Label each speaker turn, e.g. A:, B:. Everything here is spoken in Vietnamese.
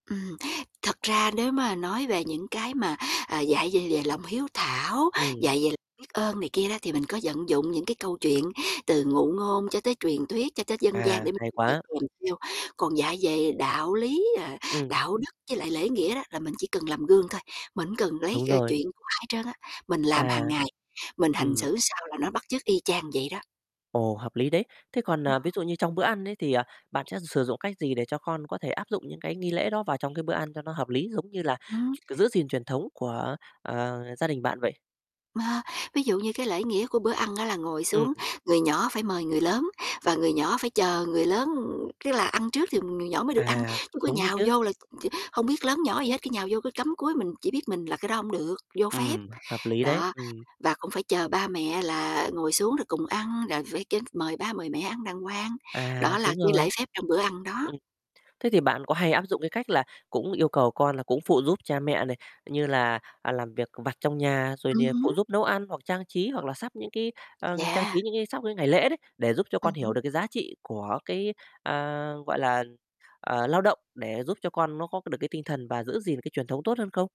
A: Ừm, thật ra nếu mà nói về những cái mà, ờ, dạy về lề lòng hiếu thảo,
B: Ừm.
A: dạy về ơn này kia đó, thì mình có vận dụng những cái câu chuyện từ ngụ ngôn cho tới truyền thuyết cho tới dân gian
B: À,
A: để mình
B: hay
A: dạy
B: quá.
A: kèm theo. Còn dạy về đạo lý, ờ,
B: Ừm.
A: đạo đức với lại lễ nghĩa đó, là mình chỉ cần làm gương thôi, mình hông cần lấy,
B: Đúng
A: ơ,
B: rồi.
A: chuyện của ai hết trơn á. Mình làm
B: À.
A: hàng ngày, mình hành
B: Ừm.
A: xử sao là nó bắt chước y chang vậy đó.
B: Ồ, hợp lý đấy. Thế còn,
A: Ừm
B: à, ví
A: hưm.
B: dụ như trong bữa ăn ấy thì, ờ, bạn sẽ sử dụng cách gì để cho con có thể áp dụng những cái nghi lễ đó vào trong cái bữa ăn cho nó hợp lý, giống như là
A: Ừm.
B: ch giữ gìn truyền thống của, ờ, gia đình bạn vậy?
A: Mà ví dụ như cái lễ nghĩa của bữa ăn á là ngồi
B: Ừm.
A: xuống, người nhỏ phải mời người lớn, và người nhỏ phải chờ người lớn, ừm, tức là ăn trước thì người nhỏ mới được ăn,
B: À,
A: chứ cứ
B: đúng đấy
A: nhào
B: chứ.
A: vô là t hông biết lớn nhỏ gì hết, cứ nhào vô cứ cắm cúi mình chỉ biết mình là cái đó hổng được, vô phép,
B: Ừm, hợp lý đấy,
A: đó.
B: ừm.
A: Và cũng phải chờ ba mẹ là ngồi xuống rồi cùng ăn, rồi phải kê mời ba mời mẹ ăn đàng hoàng,
B: À,
A: đó là
B: súng
A: cái lễ
B: rồi.
A: phép trong bữa ăn đó.
B: Ừm. Thế thì bạn có hay áp dụng cái cách là cũng yêu cầu con là cũng phụ giúp cha mẹ này, như là, à, làm việc vặt trong nhà, rồi
A: Ừm
B: nìa phụ
A: hứm.
B: giúp nấu ăn hoặc trang trí hoặc là sắp những, cái, ờ, trang
A: Yeah.
B: trí những cái sắp cái ngày lễ đấy, để giúp cho
A: Ừm
B: con hiểu
A: hứm.
B: được cái giá trị của cái, à, gọi là, ờ, lao động, để giúp cho con nó có được cái tinh thần và giữ gìn cái truyền thống tốt hơn không?